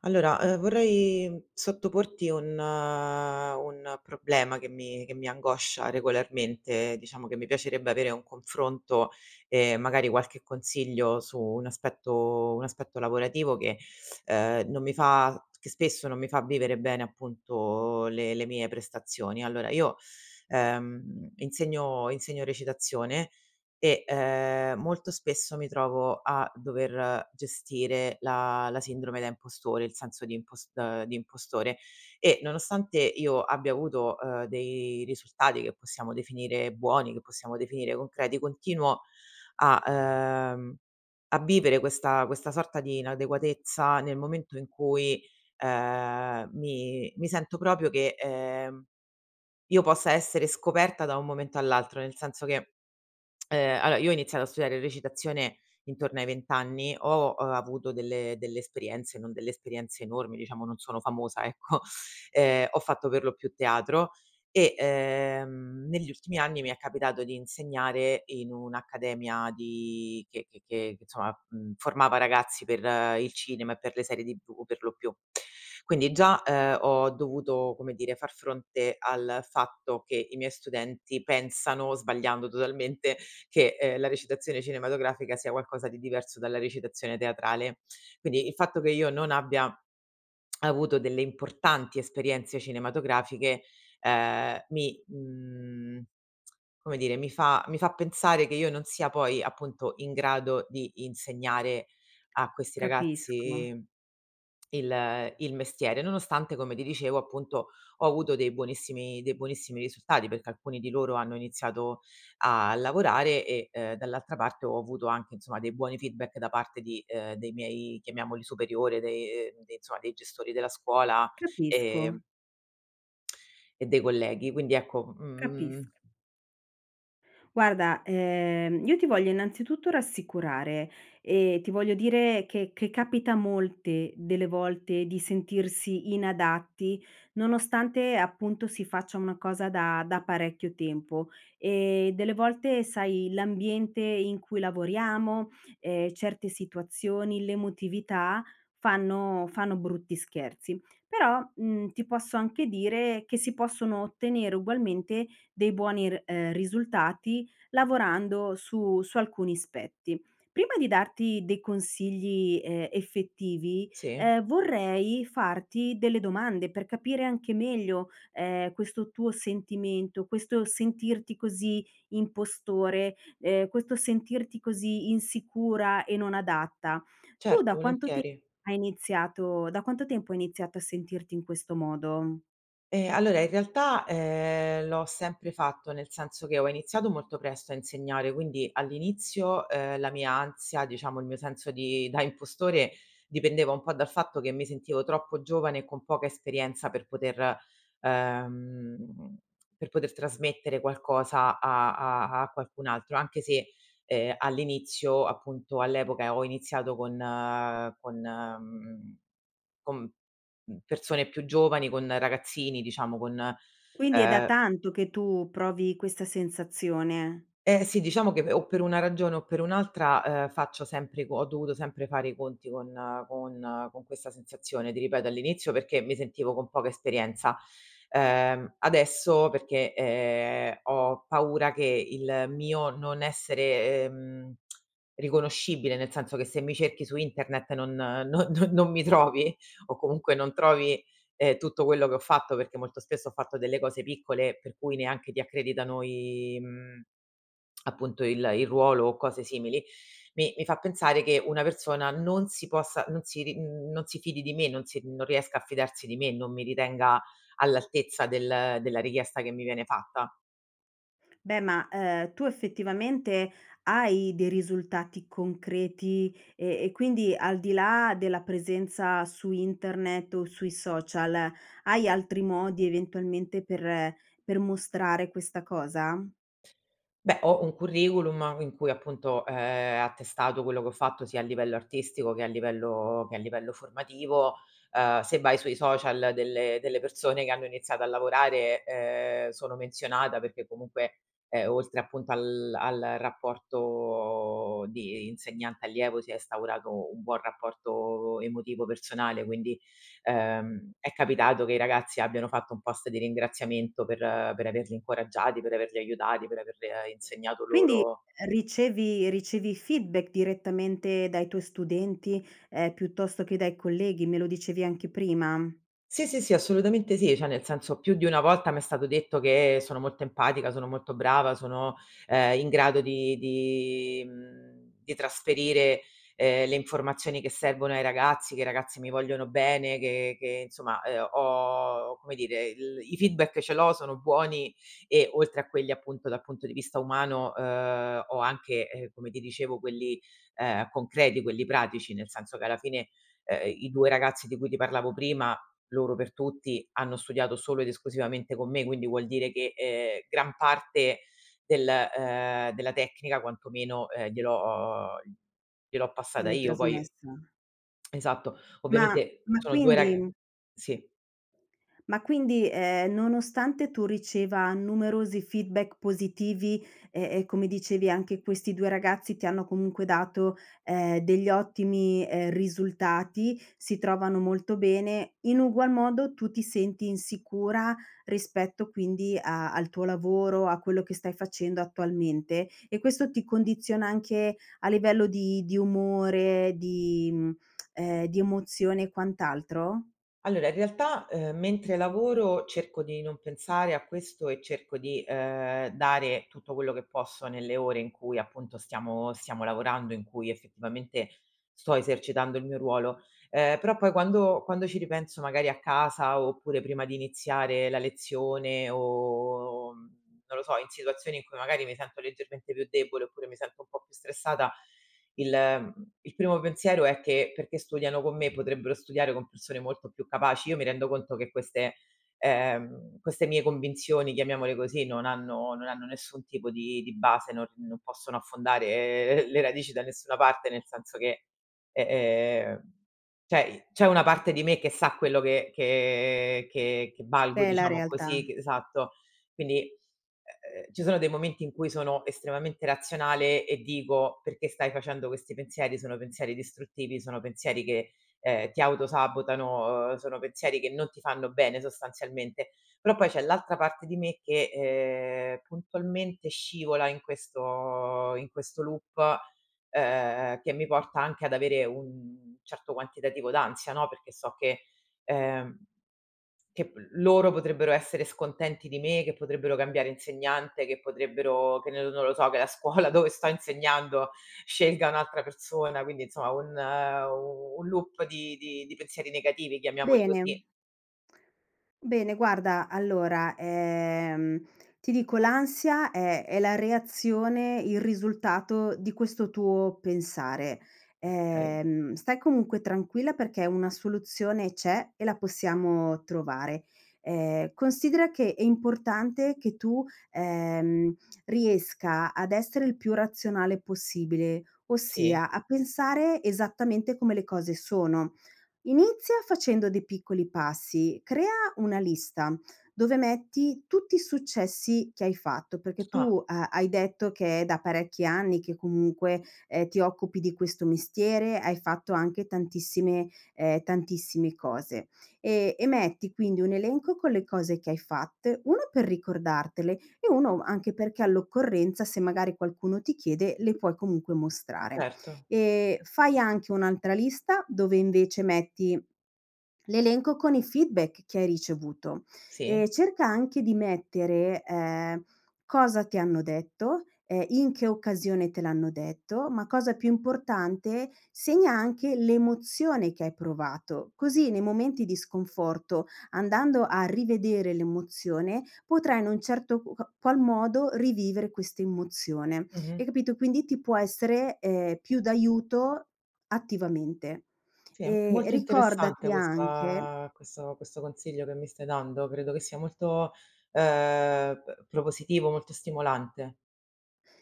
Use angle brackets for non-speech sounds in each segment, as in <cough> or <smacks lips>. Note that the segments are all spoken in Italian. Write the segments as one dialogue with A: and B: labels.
A: Allora, ehm, vorrei sottoporti un un problema, che mi che mi angoscia regolarmente, diciamo che mi piacerebbe avere un confronto, e magari qualche consiglio, su un aspetto un aspetto lavorativo che, ehm, non mi fa che spesso non mi fa vivere bene appunto le le mie prestazioni. Allora io, ehm, insegno insegno recitazione. E, ehm, molto spesso mi trovo a dover gestire la la sindrome da impostore, il senso di impos ehm, di impostore, e nonostante io abbia avuto, uhm, dei risultati, che possiamo definire buoni, che possiamo definire concreti, continuo a, ehm, a vivere questa questa sorta di inadeguatezza, nel momento in cui, ehm, mi mi sento proprio che, ehm, io possa essere scoperta, da un momento all'altro, nel senso che, ehm, <smacks lips> allora: io ho iniziato a studiare recitazione, intorno ai 20 anni, ho avuto delle delle esperienze, non delle esperienze enormi, diciamo, non sono famosa ecco. Ehm, ho fatto per lo più teatro e, ehm, negli ultimi anni mi è capitato di insegnare in un'accademia di che che che insomma, uhm, formava ragazzi per il cinema, e per le serie TV per lo più. <smacks lips> Quindi già, ehm, ho dovuto, come dire, far fronte al fatto che i miei studenti pensano, sbagliando totalmente, che, ehm, la recitazione cinematografica sia qualcosa di diverso dalla recitazione teatrale. Quindi, il fatto che io non abbia <smacks lips> avuto delle importanti esperienze cinematografiche, ehm, mi mhmm, come dire, mi fa mi fa pensare che io non sia poi, appunto, in grado di insegnare a questi
B: Capisco.
A: ragazzi <smacks lips> il il mestiere, nonostante, come ti dicevo, appunto, ho avuto dei buonissimi dei buonissimi risultati, perché alcuni di loro hanno iniziato a lavorare, e, ehm, dall'altra parte, ho avuto anche, insomma, dei buoni feedback da parte di ehm, dei miei chiamiamoli superiori dei uhm, de insomma dei gestori della scuola, ehm
B: Capisco.
A: E dei colleghi. Quindi ecco,
B: Capisc
A: mhmm
B: Guarda, ehm, io ti voglio innanzitutto rassicurare e ti voglio dire che che capita molte delle volte di sentirsi inadatti, nonostante appunto si faccia una cosa da da parecchio tempo. Ehm, delle volte sai, l'ambiente in cui lavoriamo, ehm, certe situazioni, l'emotività, fanno fanno brutti scherzi. Però, mhmm, ti posso anche dire che si possono ottenere ugualmente dei buoni r ehm, risultati, lavorando su su alcuni aspetti. Prima di darti dei consigli, ehm, effettivi,
A: Sì.
B: ehm, vorrei farti delle domande per capire anche meglio, ehm, questo tuo sentimento, questo sentirti così impostore, ehm, questo sentirti così insicura e non adatta. Tu
A: Certo,
B: da quanto te
A: volentieri.
B: hai iniziato da quanto tempo hai iniziato a sentirti in questo modo?
A: Ehm, allora in realtà, uhm, l'ho sempre fatto, nel senso che ho iniziato molto presto a insegnare. Quindi all'inizio, ehm, la mia ansia, diciamo il mio senso di da impostore, dipendeva un po' dal fatto che mi sentivo troppo giovane e con poca esperienza per poter ehm, per poter trasmettere qualcosa a a a qualcun altro; anche se, ehm, all'inizio, appunto all'epoca, ehm, ho iniziato con con mhmm, con, mhmm, persone più giovani, con ragazzini, diciamo con,
B: Quindi è da
A: ehm
B: tanto che tu provi questa sensazione.
A: Eh sì, diciamo che o per una ragione o per un'altra, ehm, faccio sempre co ho dovuto sempre fare i conti con con con questa sensazione, ti ripeto all'inizio perché mi sentivo con poca esperienza, ehm, adesso perché, ehm, ho paura che il mio non essere, ehm, <smacks lips> riconoscibile, nel senso che se mi cerchi su internet non non non non mi trovi, o comunque non trovi, ehm, tutto quello che ho fatto, perché molto spesso ho fatto delle cose piccole, per cui neanche ti accreditano i mhmm, <smacks lips> appunto il il ruolo o cose simili, mi mi fa pensare che una persona non si possa non si ri mhmm, non si fidi di me, non si mhmm, non riesca a fidarsi di me, non mi ritenga all'altezza del della richiesta che mi viene fatta.
B: Beh ma, uhm, tu effettivamente hai dei risultati concreti, e e quindi al di là della presenza su internet o sui social, hai altri modi, eventualmente, per per mostrare questa cosa?
A: Beh, ho un curriculum in cui, appunto, è attestato quello che ho fatto, sia a livello artistico che a livello che a livello formativo, uhm, se vai sui social delle delle persone che hanno iniziato a lavorare, ehm, sono menzionata perché comunque, ehm, oltre appunto al al rapporto di insegnante-allievo si è instaurato un buon rapporto emotivo, personale, quindi, ehm, è capitato che i ragazzi abbiano fatto un post di ringraziamento per per averli incoraggiati, per averli aiutati, per aver insegnato
B: Quindi,
A: loro
B: ehm, ricevi ricevi feedback direttamente dai tuoi studenti, ehm, piuttosto che dai colleghi? Me lo dicevi anche prima.
A: Sì, sì, sì, assolutamente sì, cioè nel senso: più di una volta m'è stato detto che sono molto empatica, sono molto brava, sono, ehm, in grado di di, mhmm di trasferire, ehm, le informazioni che servono ai ragazzi, che i ragazzi mi vogliono bene, che che, insomma, ehm, ho come dire, il i feedback ce l'ho, sono buoni e, oltre a quelli, appunto, dal punto di vista umano, uhm, ho anche, ehm, come ti dicevo quelli, ehm, concreti, quelli pratici, nel senso che alla fine, ehm, i 2 ragazzi di cui ti parlavo prima, loro per tutti, hanno studiato solo ed esclusivamente con me, quindi vuol dire che, ehm, gran parte, del, ehm, della tecnica, quanto meno, ehm, gliel'ho gliel'ho passata
B: Gliel'hai
A: io, poi
B: trasmessa.
A: <smacks lips> esatto.
B: Ma
A: Ovviamente,
B: ma
A: sono 2 rag
B: quindi
A: sì.
B: Ma quindi, ehm, nonostante tu riceva numerosi feedback positivi, e e come dicevi anche questi 2 ragazzi ti hanno comunque dato, ehm, degli ottimi, ehm, risultati, si trovano molto bene, in ugual modo tu ti senti insicura, rispetto quindi a al tuo lavoro, a quello che stai facendo attualmente. E questo ti condiziona anche a livello di di umore, di mhmm, <clicks tongue> ehm, di emozione e quant'altro?
A: Allora in realtà, ehm, mentre lavoro cerco di non pensare a questo e cerco di, ehm, dare tutto quello che posso nelle ore in cui appunto stiamo stiamo lavorando, in cui effettivamente, sto esercitando il mio ruolo. Ehm, però poi quando quando ci ripenso magari a casa oppure prima di iniziare la lezione o, mhmm, non lo so, in situazioni in cui magari mi sento leggermente più debole oppure mi sento un po' più stressata, il mhmm, il primo pensiero è che: "Perché studiano con me, potrebbero studiare con persone molto più capaci". Io mi rendo conto che queste ehm, queste mie convinzioni, chiamiamole così, non hanno non hanno nessun tipo di di base, non non possono affondare le radici da nessuna parte nel senso che eh, ehm, cioè, c'è una parte di me che sa quello che che che che valgo
B: Che è la
A: diciamo
B: realtà.
A: così c esatto. Quindi, uhm, ci sono dei momenti in cui sono estremamente razionale e dico: "Perché stai facendo questi pensieri, sono pensieri distruttivi, sono pensieri che, ehm, ti auto sabotano, sono pensieri che non ti fanno bene sostanzialmente". Però poi c'è l'altra parte di me che, ehm, puntualmente scivola in questo in questo loop, ehm, che mi porta anche ad avere un certo quantitativo d'ansia, no. Perché so che ehm, che p loro potrebbero essere scontenti di me, che potrebbero cambiare insegnante, che potrebbero che nel non lo so, che la scuola dove sto insegnando scelga un'altra persona, quindi insomma un u un loop di di di pensieri negativi, chiamiamoli così.
B: Bene. Bene, guarda allora, ehm, ti dico l'ansia è è la reazione, il risultato di questo tuo pensare.
A: Okay.
B: Ehm, stai comunque tranquilla perché una soluzione c'è e la possiamo trovare. Ehm, considera che è importante che tu, ehm, riesca ad essere il più razionale possibile,
A: Sì.
B: ossia a pensare esattamente come le cose sono. Inizia facendo dei piccoli passi, crea una lista, dove metti tutti i successi che hai fatto. Perché
A: Ah.
B: tu ha hai detto che è da parecchi anni che comunque, ehm, ti occupi di questo mestiere, hai fatto anche tantissime, ehm, tantissime cose. E e metti quindi un elenco con le cose che hai fatte, 1: per ricordartele, e 1: anche perché all'occorrenza, se magari qualcuno ti chiede, le puoi comunque mostrare.
A: Certo.
B: E fai anche un'altra lista dove invece metti, l'elenco con i feedback che hai ricevuto.
A: Sì.
B: Ehm, cerca anche di mettere, ehm, cosa ti hanno detto, ehm, in che occasione te l'hanno detto, ma cosa più importante, segna anche l'emozione che hai provato. Così nei momenti di sconforto, andando a rivedere l'emozione, potrai in un certo q ca qual modo rivivere questa emozione.
A: Mh-mh.
B: Hai capito? Quindi ti può essere, ehm, più d'aiuto attivamente.
A: Sì, è
B: Ehm,
A: molto interessante
B: ricordati anche
A: questa questo questo consiglio che mi stai dando. Credo che sia molto, ehm, p propositivo, molto stimolante.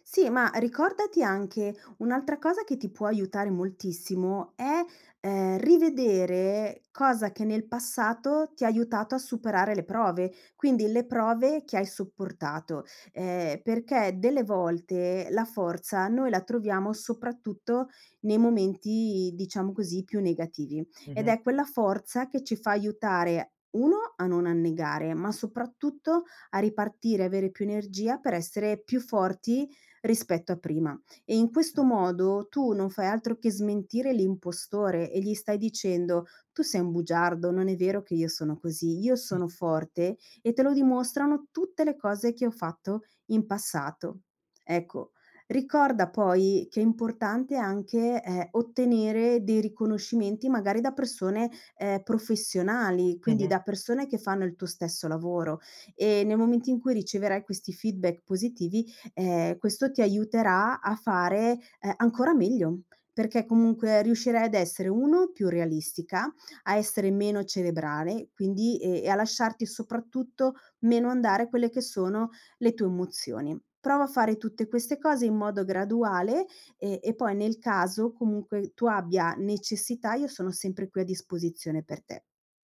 B: Sì, ma ricordati anche un'altra cosa che ti può aiutare moltissimo, è, ehm, rivedere cosa che nel passato ti ha aiutato a superare le prove; quindi le prove che hai sopportato, ehm, perché delle volte la forza noi la troviamo soprattutto nei momenti, diciamo, così più negativi. Ed
A: Mh-mh.
B: è quella forza che ci fa aiutare: 1, a non annegare, ma soprattutto a ripartire, avere più energia, per essere più forti rispetto a prima. E in
A: Okay.
B: questo modo tu non fai altro che smentire l'impostore e gli stai dicendo: "Tu sei un bugiardo, non è vero che io sono così, io
A: Mh.
B: sono forte, e te lo dimostrano tutte le cose che ho fatto in passato". Ecco, ricorda poi che è importante anche, ehm, ottenere dei riconoscimenti magari da persone, ehm, professionali, quindi
A: Mh-mh
B: da persone che fanno il tuo stesso lavoro, e nel momento in cui riceverai questi feedback positivi, ehm, questo ti aiuterà a fare, ehm, ancora meglio, perché comunque riuscirai ad essere: 1, più realistica, a essere meno cerebrale, quindi, ehm, e a lasciarti, soprattutto, meno andare quelle che sono le tue emozioni. Prova a fare tutte queste cose, in modo graduale, e e poi nel caso comunque tu abbia necessità, io sono sempre qui a disposizione per te.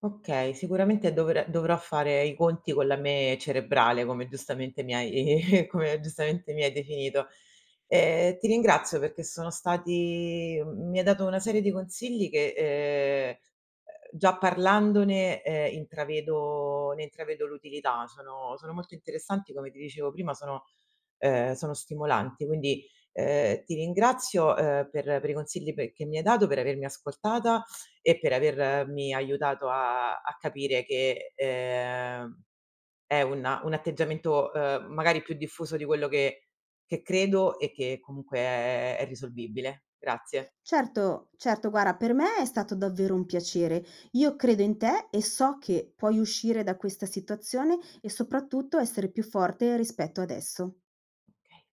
A: Okay, sicuramente dovrà dovrò fare i conti con la me cerebrale, come giustamente mi hai come giustamente mi hai definito. E ti ringrazio perché sono stati m mi hai dato una serie di consigli che, ehm, già parlandone, ehm, intravedo ne intravedo l'utilità, sono sono molto interessanti, come ti dicevo prima, sono, ehm, sono stimolanti. Quindi, ehm, ti ringrazio, uhm, per per i consigli pe che mi hai dato, per avermi ascoltata, e per avermi aiutato a a capire che, ehm, è un un atteggiamento, uhm, magari più diffuso di quello che che credo, e che comunque è è è risolvibile. Grazie.
B: Certo, certo, guarda, per me è stato davvero un piacere, io credo in te e so che puoi uscire da questa situazione, e soprattutto essere più forte rispetto adesso.
A: Okay.